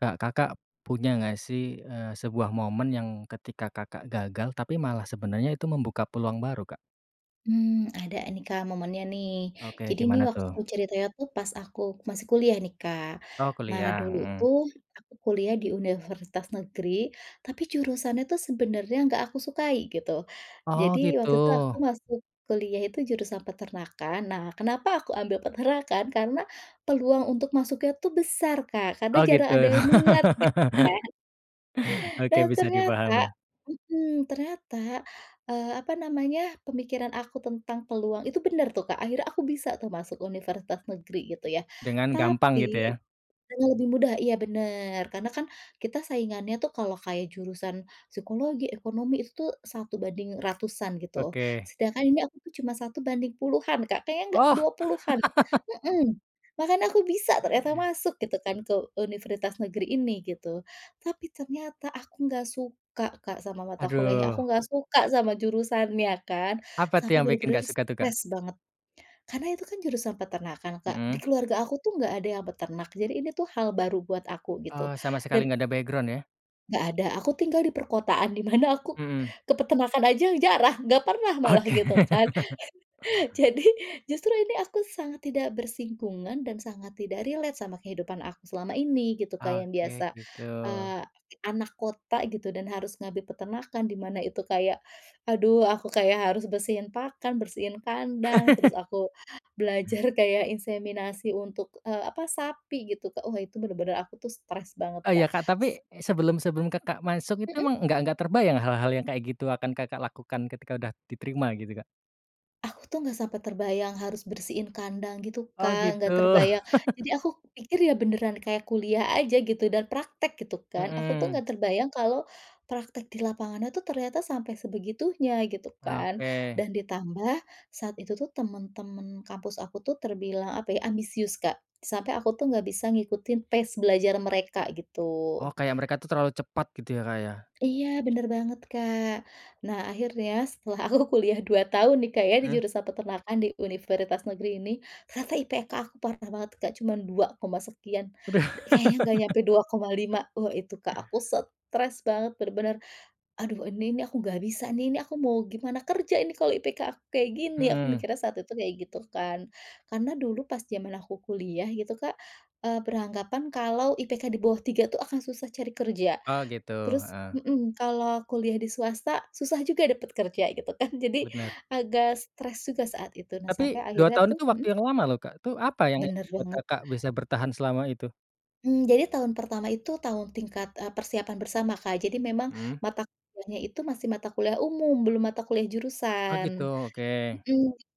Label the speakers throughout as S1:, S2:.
S1: Kak, Kakak punya nggak sih, eee, sebuah momen yang ketika Kakak gagal tapi malah sebenarnya itu membuka peluang baru, Kak?
S2: Mmm, ada nih, Kak, momennya nih.
S1: Oke,
S2: Jadi nih
S1: gimana
S2: waktu
S1: tuh?
S2: ceritanya tuh pas aku masih kuliah nih, Kak.
S1: Oh,
S2: Nah,
S1: kuliah,
S2: dulu
S1: hmm.
S2: tuh aku kuliah di universitas negeri, tapi jurusannya tuh sebenarnya enggak aku sukai gitu.
S1: Oh,
S2: Jadi waktu itu aku
S1: gitu.
S2: masuk kuliah itu jurusan peternakan. Nah, kenapa aku ambil peternakan? Karena peluang untuk masuknya tuh besar, Kak, karena
S1: Oh,
S2: jarang ada
S1: gitu.
S2: yang minat gitu kan.
S1: Oke,
S2: Dan
S1: bisa
S2: ternyata
S1: dipahami.
S2: mmm, ternyata, eee, apa namanya, pemikiran aku tentang peluang itu benar tuh, Kak. Akhirnya aku bisa tuh masuk universitas negeri gitu ya.
S1: Dengan gampang gitu
S2: Tapi
S1: ya.
S2: karena lebih mudah, iya, benar, karena kan kita saingannya tuh kalau kayak jurusan psikologi, ekonomi itu tuh 1 banding ratusan gitu.
S1: Oke.
S2: Sedangkan ini aku tuh cuma 1 banding puluhan, Kak, kayaknya enggak
S1: Oh!
S2: 20-an. Mmm, makanya aku bisa ternyata masuk gitu kan ke universitas negeri ini gitu. Tapi ternyata aku enggak suka, Kak, sama mata kuliahnya, aku
S1: Aduh.
S2: enggak suka sama jurusannya kan,
S1: Apa tuh
S2: sampai
S1: yang bikin
S2: benar-benar
S1: nggak suka tuh, Kak?
S2: stres banget. Karena itu kan jurusan peternakan, Kak. Di
S1: Mhm.
S2: keluarga aku tuh enggak ada yang peternak, jadi ini tuh hal baru buat aku gitu.
S1: Eee, sama
S2: Dan
S1: sekali enggak ada background ya.
S2: Nggak ada, aku tinggal di perkotaan di mana aku
S1: Mhm.
S2: ke peternakan aja jarang, enggak pernah malah
S1: Oke.
S2: gitu kan. Jadi justru ini aku sangat tidak bersinggungan dan sangat tidak relate sama kehidupan aku selama ini gitu kayak yang
S1: Oke,
S2: biasa,
S1: gitu.
S2: eee, anak kota gitu dan harus ngambil peternakan di mana itu kayak, aduh, aku kayak harus bersihin pakan, bersihin kandang, terus aku belajar kayak inseminasi untuk, e apa sapi gitu Kak. Wah, itu bener-bener aku tuh stres banget
S1: Oh, iya,
S2: Kak.
S1: Kak,
S2: S
S1: tapi sebelum-sebelum Kakak masuk itu
S2: Mhm.
S1: emang nggak nggak terbayang hal-hal yang kayak gitu akan Kakak lakukan ketika udah diterima gitu Kak?
S2: Aku tuh enggak sampai terbayang harus bersihin kandang gitu
S1: Oh,
S2: Kak, enggak
S1: gitu.
S2: terbayang. Jadi aku pikir ya beneran kayak kuliah aja gitu dan praktek gitu kan. Aku tuh
S1: Mhm.
S2: enggak terbayang kalau praktek di lapangannya tuh ternyata sampai sebegitunya gitu kan.
S1: Oke.
S2: Dan ditambah saat itu tuh teman-teman kampus aku tuh terbilang apa ya, ambisius Kak. Sampai aku tuh enggak bisa ngikutin pace belajar mereka
S1: Oh,
S2: gitu.
S1: kayak mereka itu terlalu cepat gitu ya, Kak, ya?
S2: Iya, bener banget Kak. Nah, akhirnya setelah aku kuliah 2 tahun nih Kak ya di
S1: Mmm.
S2: jurusan Peternakan di Universitas Negeri ini, ternyata IPK aku parah banget Kak, cuman dua koma sekian,
S1: Udah.
S2: d kayaknya enggak sampai 2,5. Wah, itu Kak aku stres banget bener-bener, "Aduh ini nih aku enggak bisa nih, ini aku mau gimana kerja ini kalau IPK aku kayak gini?!" Aku
S1: Mhm.
S2: mikirnya saat itu kayak gitu kan. Karena dulu pas zaman aku kuliah gitu Kak, eee, beranggapan kalau IPK di bawah 3 itu akan susah cari kerja.
S1: Oh, gitu.
S2: Terus
S1: Heeh.
S2: mhm, kalau kuliah di swasta, susah juga dapat kerja gitu kan. Jadi
S1: Bener.
S2: agak stres juga saat itu. Nah, sampai
S1: Tapi 2
S2: akhirnya
S1: tahun
S2: tuh
S1: itu waktu
S2: mhm?
S1: yang lama loh Kak, itu apa yang
S2: Bener
S1: ngebuat
S2: banget.
S1: Kakak bisa bertahan selama itu?
S2: Hmm, jadi tahun pertama itu tahun tingkat, e persiapan bersama, Kak, jadi memang,
S1: Mhm.
S2: mata kuliahnya itu masih mata kuliah umum, belum mata kuliah
S1: Oh gitu,
S2: jurusan.
S1: oke.
S2: Mhm. Jadi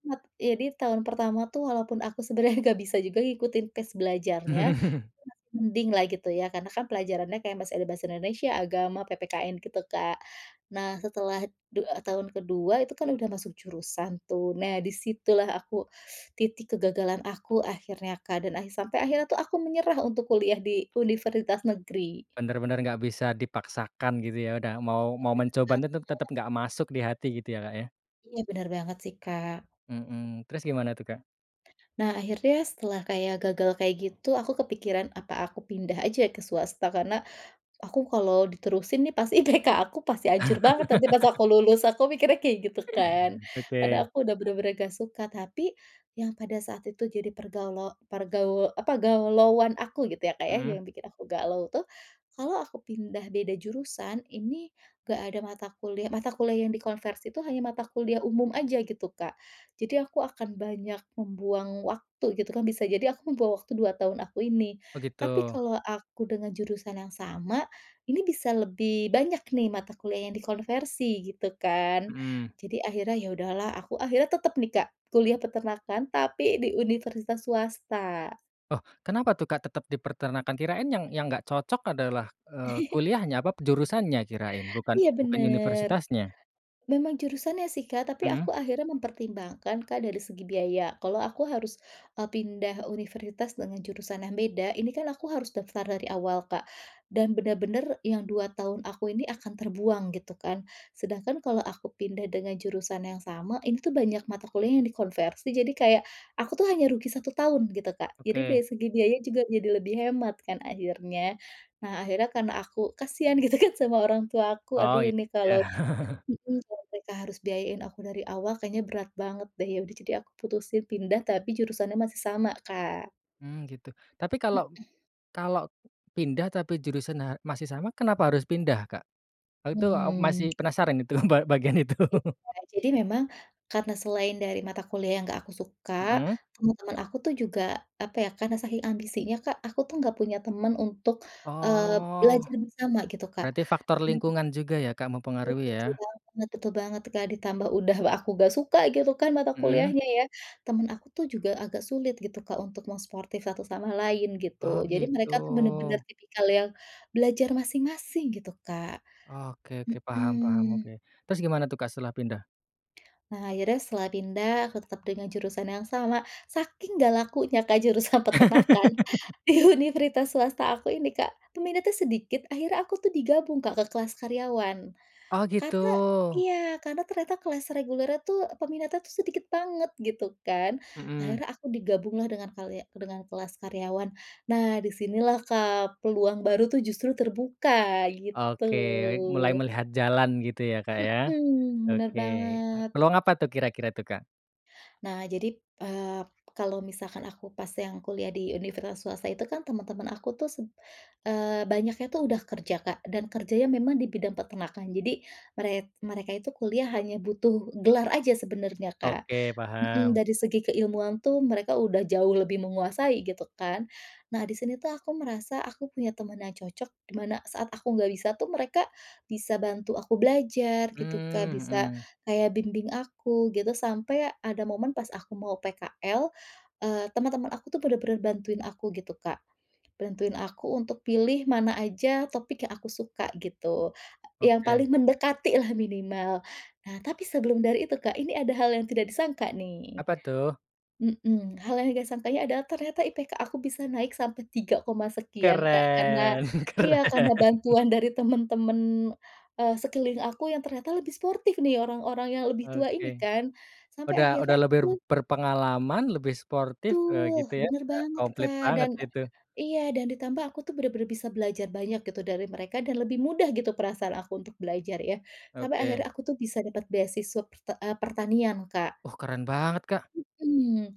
S2: mat jadi tahun pertama itu walaupun aku sebenarnya enggak bisa juga ngikutin pace belajarnya, itu
S1: Mhm.
S2: masih mending lah gitu ya, karena kan pelajarannya kayak masih ada bahasa Indonesia, Agama, PPKN gitu, Kak. Nah, setelah du tahun ke-2 itu kan sudah masuk jurusan tuh. Nah, di situlah aku titik kegagalan aku akhirnya, Kak, dan akhi sampai akhirnya itu aku menyerah untuk kuliah di, universitas negeri.
S1: Benar-benar nggak bisa dipaksakan gitu ya udah mau
S2: Nggak
S1: mau
S2: bisa,
S1: mencoba
S2: Kak,
S1: tetap tetap
S2: heeh.
S1: nggak masuk di hati gitu ya, Kak, ya?
S2: Iya benar banget sih, Kak.
S1: Mmm, terus gimana tuh, Kak?
S2: Nah, akhirnya setelah kayak gagal kayak gitu, aku kepikiran, apa aku pindah saja ke swasta karena, aku kalau diterusin nih pasti IPK aku pasti hancur banget. Nanti pas aku lulus, aku mikirnya kayak gitu kan, karena
S1: Oke.
S2: aku sudah benar-benar enggak suka, tapi, yang pada saat itu jadi pergaluo pergaul apa galauan aku gitu ya, Kak, ya,
S1: Mhm.
S2: yang bikin aku galau tuh, kalau aku pindah beda jurusan, ini enggak ada mata kuliah mata kuliah yang dikonversi itu hanya mata kuliah umum saja gitu, Kak. Jadi aku akan banyak membuang waktu gitu kan, bisa jadi aku membuang waktu 2 tahun aku ini.
S1: Oh gitu.
S2: Tapi kalau aku dengan jurusan yang sama, ini bisa lebih banyak nih mata kuliah yang dikonversi gitu kan.
S1: Mhm.
S2: Jadi akhirnya ya udahlah, aku akhirnya tetap nih, Kak, kuliah peternakan, tapi di universitas swasta.
S1: Oh, kenapa tuh, Kak, tetap dipeternakan kirain yang yang nggak cocok adalah, eee, kuliahnya, apa p jurusannya kirain bukan
S2: Iya
S1: bukan
S2: benar.
S1: universitasnya?
S2: Memang jurusannya sih, Kak, tapi
S1: Mmm.
S2: aku akhirnya mempertimbangkan, Kak, dari segi biaya. Kalau aku harus, eee, pindah universitas dengan jurusan yang beda, ini kan aku harus daftar dari awal, Kak. Dan benar-benar yang 2 tahun aku ini akan terbuang gitu kan. Sedangkan kalau aku pindah dengan jurusan yang sama, ini tuh banyak mata kuliah yang dikonversi. Jadi kayak, aku tuh hanya rugi 1 tahun gitu, Kak. Jadi
S1: Oke.
S2: dari segi biaya juga jadi lebih hemat kan akhirnya. Nah akhirnya karena aku kasihan gitu kan sama orang tua aku.
S1: Oh
S2: Aduh
S1: itu
S2: ini
S1: ya?
S2: kalau mhm, kalau mereka harus biayain aku dari awal kayaknya berat banget deh. Ya udah, jadi aku putusin pindah, tapi jurusannya masih sama, Kak.
S1: Mmm, gitu. Tapi kalau
S2: Mhm.
S1: kalau pindah tapi jurusannya masih sama, kenapa harus pindah, Kak? E itu masih
S2: Hmm.
S1: penasaran itu, ba bagian itu.
S2: Iya, jadi memang karena selain dari mata kuliah yang enggak aku suka,
S1: Mhm.
S2: teman-teman aku tuh juga apa ya, karena saking ambisinya, Kak, aku tuh enggak punya teman untuk, eee,
S1: Oh.
S2: belajar bersama gitu, Kak.
S1: Berarti faktor
S2: Nah
S1: lingkungan juga ya, Kak,
S2: Iya,
S1: mempengaruhi
S2: betul
S1: ya?
S2: banget betul banget tuh, Kak, ditambah udah w aku enggak suka gitu kan mata
S1: Mhm.
S2: kuliahnya ya. Teman aku tuh juga agak sulit gitu, Kak, untuk mau suportif satu sama lain gitu.
S1: Oh,
S2: Jadi
S1: gitu.
S2: mereka tuh benar-benar tipikal yang belajar masing-masing gitu, Kak.
S1: Oke oke, paham paham,
S2: Mhm.
S1: oke. Terus gimana tuh, Kak, setelah pindah?
S2: Nah, akhirnya setelah pindah, aku tetap dengan jurusan yang sama, saking enggak lakunya, Kak, jurusan peternakan di universitas swasta aku ini, Kak, peminatnya sedikit, akhirnya aku tuh digabung, Kak, ke kelas karyawan.
S1: Oh, gitu.
S2: Karena iya, karena ternyata kelas regulernya tuh e peminatnya itu sedikit banget gitu kan.
S1: Mhm.
S2: Akhirnya aku digabung lah dengan kalia dengan kelas karyawan. Nah, di sinilah, Kak, peluang baru itu justru terbuka, gitu.
S1: Oke, mulai melihat jalan gitu ya, Kak, ya?
S2: Mhm, bener
S1: Oke, a
S2: banget.
S1: peluang apa tuh kira-kira tuh, Kak?
S2: Nah, jadi p eee, kalau misalkan aku pas yang kuliah di universitas swasta itu kan teman-teman aku tuh seb eee, banyaknya tuh udah kerja, Kak, dan kerjanya memang di bidang peternakan, jadi merek mereka itu kuliah hanya butuh gelar aja sebenarnya, Kak.
S1: Oke,
S2: Mhm,
S1: paham.
S2: dari segi keilmuan tuh mereka udah jauh lebih menguasai gitu, kan. Nah, di sini tuh aku merasa aku punya teman yang cocok, di mana saat aku enggak bisa tuh mereka bisa bantu aku belajar gitu, Kak,
S1: Mmm,
S2: bisa
S1: mhm.
S2: kayak bimbing aku, gitu. Sampai ada momen pas aku mau PKL, eee, teman-teman aku tuh benar-benar bantuin aku gitu, Kak. Bantuin aku untuk pilih mana aja topik yang aku suka, gitu. E yang
S1: Oke.
S2: paling mendekatilah minimal. Nah, tapi sebelum dari itu, Kak, ini ada hal yang tidak disangka nih.
S1: Apa tuh?
S2: Mhm. Hal yang enggak sangkanya adalah ternyata IPK aku bisa naik sampai tiga koma sekian, Kak. Karena
S1: Keren
S2: iya, karena
S1: keren.
S2: bantuan dari teman-teman, eee, sekeliling aku yang ternyata lebih sportif nih, orang-orang yang lebih tua
S1: Oke.
S2: ini kan, sampai
S1: Udah
S2: akhirnya
S1: udah
S2: aku
S1: lebih
S2: tuh
S1: berpengalaman, lebih sportif e gitu
S2: Betul,
S1: ya,
S2: bener
S1: e
S2: banget,
S1: komplit
S2: Kak.
S1: banget
S2: Dan
S1: itu.
S2: e iya, dan ditambah aku tuh benar-benar bisa belajar banyak gitu dari mereka dan lebih mudah gitu perasaan aku untuk belajar, ya. Sampai akhirnya
S1: Oke.
S2: aku tuh bisa dapat beasiswa perte eee, pertanian, Kak.
S1: Oh, keren banget, Kak.
S2: Mhm.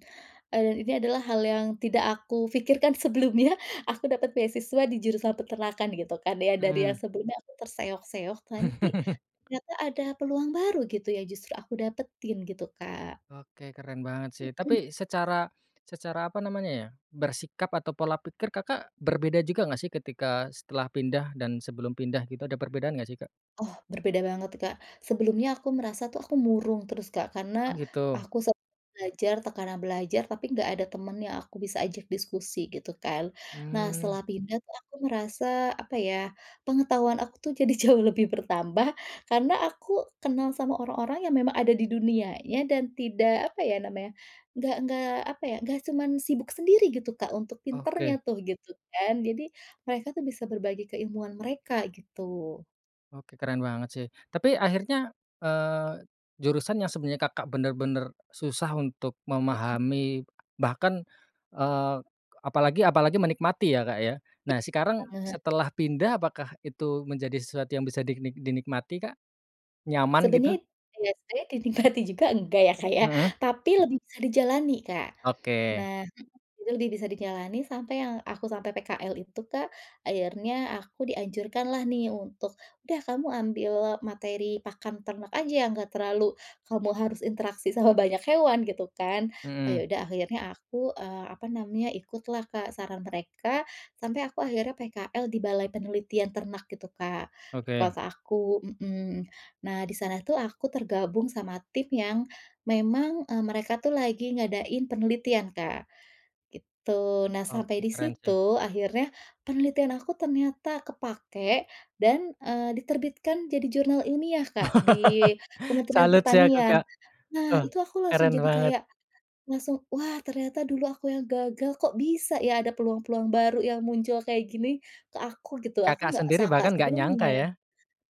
S2: E dan ini adalah hal yang tidak aku pikirkan sebelumnya, aku dapat beasiswa di jurusan peternakan gitu kan ya, dari yang
S1: Mhm.
S2: sebelumnya aku terseok-seok, tapi ternyata ada peluang baru gitu ya, justru aku dapetin gitu, Kak.
S1: Oke. Keren banget, sih.
S2: Mhm.
S1: Tapi secara secara apa namanya ya, bersikap atau pola pikir, Kakak berbeda juga nggak sih ketika setelah pindah dan sebelum pindah gitu, ada perbedaan nggak sih, Kak?
S2: Oh, berbeda banget, Kak. Sebelumnya aku merasa tuh aku murung terus, Kak,
S1: Oh,
S2: karena
S1: gitu.
S2: aku set belajar tekanan belajar, tapi enggak ada temen yang aku bisa ajak diskusi gitu, kan. Nah,
S1: Mmm.
S2: setelah pindah tuh aku merasa apa ya, pengetahuan aku tuh jadi jauh lebih bertambah, karena aku kenal sama orang-orang yang memang ada di dunianya dan tidak apa ya namanya, nggak nggak apa ya, enggak cuma sibuk sendiri gitu, Kak, untuk pinternya
S1: Oke.
S2: tuh gitu, kan. Jadi mereka tuh bisa berbagi keilmuan mereka, gitu.
S1: Oke, keren banget sih. Tapi akhirnya, eee, jurusan yang sebenarnya Kakak bener-bener susah untuk
S2: Mhm.
S1: memahami, bahkan, eee, apalagi apalagi menikmati ya, Kak, ya. Nah, sekarang
S2: Iya, heeh.
S1: setelah pindah, apakah itu menjadi sesuatu yang bisa diknik dinikmati, Kak? Nyaman gitu?
S2: Sebenarnya iya, saya dinikmati juga enggak ya, Kak, ya.
S1: Mhm.
S2: Tapi lebih bisa dijalani, Kak.
S1: Oke.
S2: Nah mhm, lebih bisa dijalani sampai yang aku sampai PKL itu, Kak, akhirnya aku dianjurkanlah nih untuk, "Udah kamu ambil materi pakan ternak aja yang enggak terlalu, kamu harus interaksi sama banyak hewan," gitu, kan. Oh ya
S1: Mhm.
S2: udah akhirnya aku, eee, apa namanya, ikutlah, Kak, saran mereka, sampai aku akhirnya PKL di balai penelitian ternak gitu, Kak, di
S1: Oke.
S2: kota aku mhm. Nah di sana tuh aku tergabung sama tim yang memang, e mereka itu lagi ngadain penelitian, Kak. Gitu. Nah sampai
S1: Oke,
S2: di
S1: keren sih.
S2: situ, akhirnya penelitian aku ternyata kepakai dan, eee, diterbitkan jadi jurnal ilmiah, Kak, di Kementerian
S1: Salut sih aku,
S2: Pertanian.
S1: Kak.
S2: Nah,
S1: Oh,
S2: itu aku langsung
S1: keren
S2: jadi
S1: banget.
S2: kayak langsung, wah ternyata dulu aku yang gagal, kok bisa ya ada peluang-peluang baru yang muncul kayak gini ke aku gitu, aku
S1: Kakak
S2: enggak
S1: sendiri
S2: sangka
S1: bahkan nggak
S2: sebelumnya.
S1: nyangka, ya?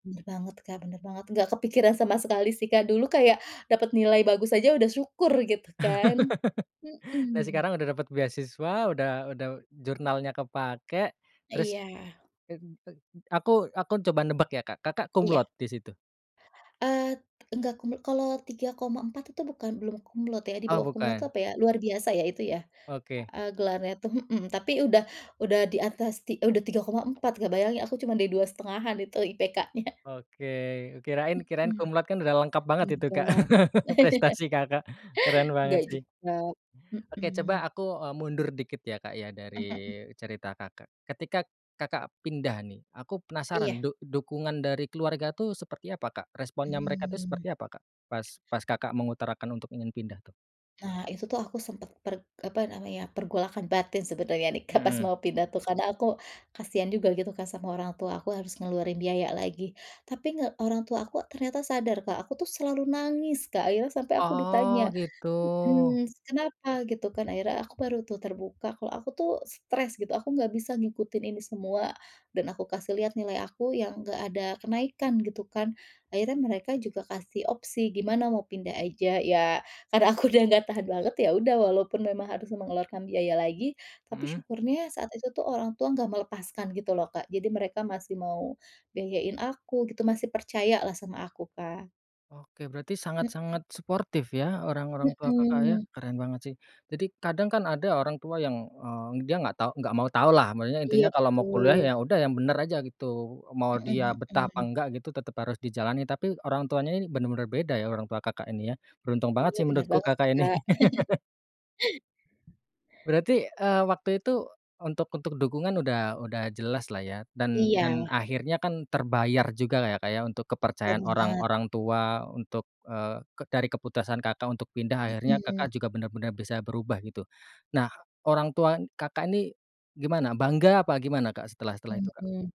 S2: Bener banget, Kak, bener banget, enggak kepikiran sama sekali sih, Kak. Dulu kayak dapat nilai bagus aja udah syukur gitu, kan.
S1: Nah
S2: Mhm.
S1: sekarang udah dapat beasiswa, udah udah jurnalnya kepakai.
S2: A
S1: Terus
S2: iya.
S1: te n te aku aku coba nebak ya, Kak. Kakak cum
S2: Iya.
S1: laude di situ?
S2: Eee, t enggak cum lau kalau 3,4 itu bukan belum cum laude ya, di
S1: Oh,
S2: bawah cum laude itu
S1: bukan.
S2: apa ya? Luar biasa ya itu ya,
S1: Oke.
S2: e e gelarnya tuh mhm, tapi udah udah di atas ti e udah 3,4, Kak, bayangin aku cuma di 2,5-an itu IPK-nya.
S1: Oke. Kirain kirain
S2: Mhm,
S1: cum laude, kan udah lengkap banget itu, Kak,
S2: enggak.
S1: prestasi Kakak. Keren banget
S2: Nggak
S1: sih.
S2: juga,
S1: Oke,
S2: mhm.
S1: coba aku, eee, mundur dikit ya, Kak, ya,
S2: Mhm mhm.
S1: dari cerita Kakak. Ketika Kakak pindah nih, aku
S2: Iya.
S1: penasaran duk dukungan dari keluarga itu seperti apa, Kak? Responnya mereka itu
S2: Mmm.
S1: seperti apa, Kak? Pas pas Kakak mengutarakan untuk ingin pindah, tuh?
S2: Nah, itu tuh aku sempat per apa namanya, pergolakan batin sebenarnya nih, Kak, pas
S1: Mhm.
S2: mau pindah tuh, karena aku kasihan juga gitu kan sama orang tua aku harus ngeluarin biaya lagi. Tapi nge orang tua aku ternyata sadar, Kak, aku tuh selalu nangis Kak, akhirnya sampai aku ditanya,
S1: Oh gitu.
S2: mhm, "Kenapa?" gitu kan, akhirnya aku baru tuh terbuka kalau aku tuh stres gitu, aku enggak bisa ngikutin ini semua dan aku kasih lihat nilai aku yang enggak ada kenaikan gitu kan. Akhirnya mereka juga kasih opsi, "Gimana mau pindah aja?" ya, karena aku udah enggak tahan banget ya udah, walaupun memang harus mengeluarkan biaya lagi, tapi
S1: Mhm.
S2: syukurnya saat itu tuh orang tua enggak melepaskan gitu loh, Kak. Jadi mereka masih mau biayain aku gitu, masih percayalah sama aku, Kak.
S1: Oke, berarti
S2: Mhm.
S1: sangat-sangat suportif ya orang-orang tua Kakak ya,
S2: Mhm.
S1: keren banget sih. Jadi kadang kan ada orang tua yang, eee, dia nggak tahu nggak mau tahulah. Maksudnya intinya
S2: Iya
S1: kalau mau kuliah
S2: betul.
S1: ya udah yang bener aja gitu. Mau dia
S2: Mhm
S1: betah apa
S2: mhm.
S1: enggak gitu tetep harus dijalani. Tapi orang tuanya ini bener-bener beda ya orang tua Kakak ini ya, beruntung banget
S2: Iya
S1: sih
S2: bener
S1: menurutku
S2: banget sih,
S1: Kakak ini.
S2: Kak.
S1: Berarti, eee, waktu itu untuk untuk dukungan udah udah jelaslah ya, dan
S2: Iya.
S1: dan akhirnya kan terbayar jugalah ya, Kak, ya untuk kepercayaan orang
S2: Bener.
S1: orang tua untuk, eee, ke dari keputusan Kakak untuk pindah, akhirnya
S2: Mhm.
S1: Kakak juga bener-bener bisa berubah gitu. Nah, orang tua Kakak ini gimana? Bangga apa gimana, Kak, setelah-setelah itu, Kak?
S2: Mhm.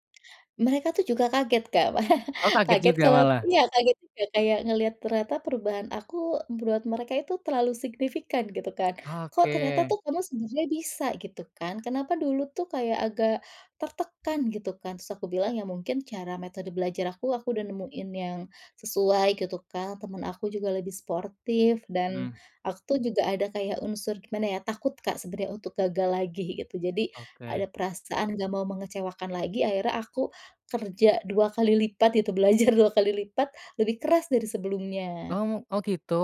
S2: Mereka tuh juga kaget Kak,
S1: Oh, kaget
S2: kaget
S1: juga
S2: kalo
S1: malah.
S2: iya, kaget juga kayak ngelihat ternyata perubahan aku buat mereka itu terlalu signifikan gitu kan, "Kok, ternyata
S1: Oke.
S2: kamu tuh sebenarnya bisa," gitu kan, "kenapa dulu tuh kayak agak tertekan?" gitu kan. Terus aku bilang, "Ya mungkin cara metode belajar aku, aku udah nemuin yang sesuai," gitu, Kak, "teman aku juga lebih sportif." Dan
S1: Mhm.
S2: aku tuh juga ada kayak unsur gimana ya, takut, Kak, sebenarnya untuk gagal lagi gitu. Jadi ada
S1: Oke.
S2: perasaan enggak mau mengecewakan lagi. Akhirnya aku kerja dua kali lipat gitu, belajar dua kali lipat lebih keras dari
S1: Oh
S2: sebelumnya.
S1: mu oh gitu.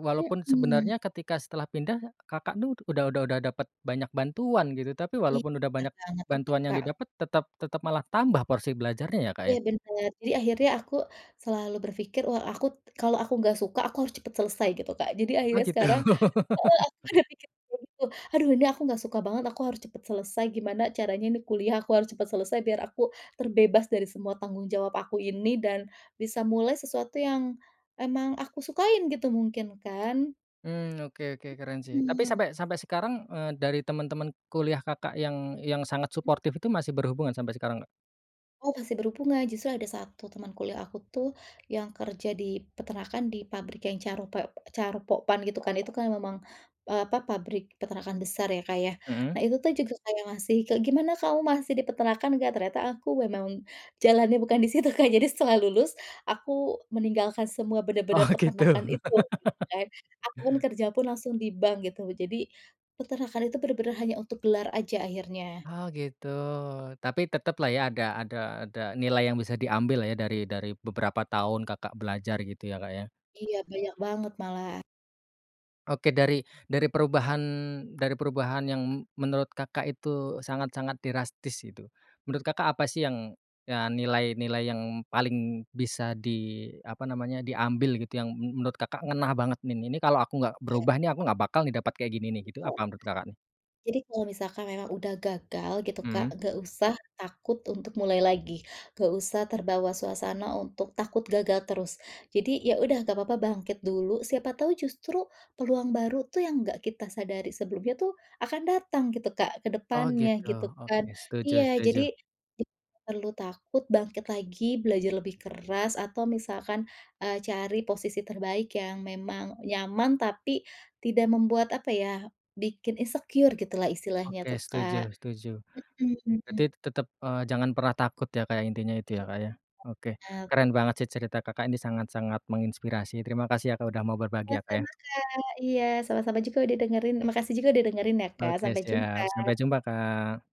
S1: Walaupun
S2: Mhm.
S1: sebenarnya ketika setelah pindah Kakak tuh udah udah udah dapat banyak bantuan gitu. Tapi
S2: Iya
S1: walaupun udah banyak
S2: Kak, tetep,
S1: bantuan yang
S2: Kak.
S1: didapet, tetap tetap malah tambah porsi belajarnya ya, Kak,
S2: Iya
S1: ya?
S2: bener. Jadi akhirnya aku selalu berpikir, wah aku, kalau aku enggak suka, aku harus cepet selesai gitu, Kak. Jadi
S1: Oh
S2: akhirnya
S1: gitu,
S2: sekarang
S1: heeh.
S2: heeh, aku udah mikir kayak gitu, "Aduh ini aku nggak suka banget, aku harus cepet selesai, gimana caranya ini kuliah aku harus cepet selesai, biar aku terbebas dari semua tanggung jawab aku ini, dan bisa mulai sesuatu yang emang aku sukain." gitu mungkin kan.
S1: Mmm, oke oke, keren sih. Tapi
S2: Mhm.
S1: sampai sampai sekarang, eee, dari temen-temen kuliah Kakak yang yang sangat
S2: Mhm.
S1: suportif itu masih berhubungan sampai sekarang nggak?
S2: Oh, masih berhubungan, justru ada 1 teman kuliah aku tuh, yang kerja di peternakan di pabrik yang Charope Charoen Pokphand gitu kan. Itu kan memang, eee, apa, pabrik peternakan besar ya, Kak, ya.
S1: Mmm.
S2: Nah itu tuh juga kayak, masih kek, "Gimana kamu masih di peternakan nggak?" Ternyata aku memang jalannya bukan di situ, Kak. Jadi setelah lulus aku meninggalkan semua bener-bener
S1: Oh, gitu.
S2: peternakan itu, gitu kan. Aku pun kerja pun langsung di bank gitu. Jadi peternakan itu bener-bener hanya untuk gelar aja akhirnya.
S1: Oh, gitu. Tapi teteplah ya, ada ada ada nilai yang bisa diambillah ya dari dari beberapa tahun Kakak belajar gitu ya, Kak, ya?
S2: Iya, banyak banget malah.
S1: Oke, dari dari perubahan dari perubahan yang m menurut Kakak itu sangat-sangat drastis gitu, menurut Kakak apa sih yang ya nilai nilai yang paling bisa di apa namanya, diambil gitu yang m menurut Kakak ngena banget nih, "Ini kalau aku nggak
S2: Oke.
S1: berubah nih aku nggak bakal nih dapat kayak gini nih," gitu.
S2: Betul.
S1: Apa menurut, Kakak nih?
S2: Jadi kalau misalkan memang udah gagal gitu, Kak,
S1: Mmm.
S2: nggak usah takut untuk mulai lagi, nggak usah terbawa suasana untuk takut gagal terus. Jadi ya udah nggak papa bangkit dulu, siapa tahu justru peluang baru tuh yang nggak kita sadari sebelumnya tuh akan datang gitu, Kak, ke
S1: Oh,
S2: depannya
S1: gitu.
S2: gitu kan.
S1: Oke, setuju
S2: Iya,
S1: setuju.
S2: jadi d nggak perlu takut, bangkit lagi, belajar lebih keras atau misalkan, eee, cari posisi terbaik yang memang nyaman tapi tidak membuat apa ya, bikin insecure gitulah istilahnya
S1: Oke,
S2: tuh, Kak.
S1: setuju setuju. Berarti
S2: Mhm.
S1: t tetep, eee, jangan pernah takut ya, Kak, intinya itu ya,
S2: Iya,
S1: Kak, ya. Oke,
S2: Kak, bener.
S1: keren banget sih cerita Kakak ini sangat-sangat menginspirasi. Terima kasih ya, Kak, udah mau berbagi ya, Kak, ya.
S2: Sama-sama, Kak. Iya, sama-sama juga udah dengerin makasih juga udah dengerin ya, Kak.
S1: Oke,
S2: Sampai jumpa.
S1: siap. Sampai jumpa, Kak.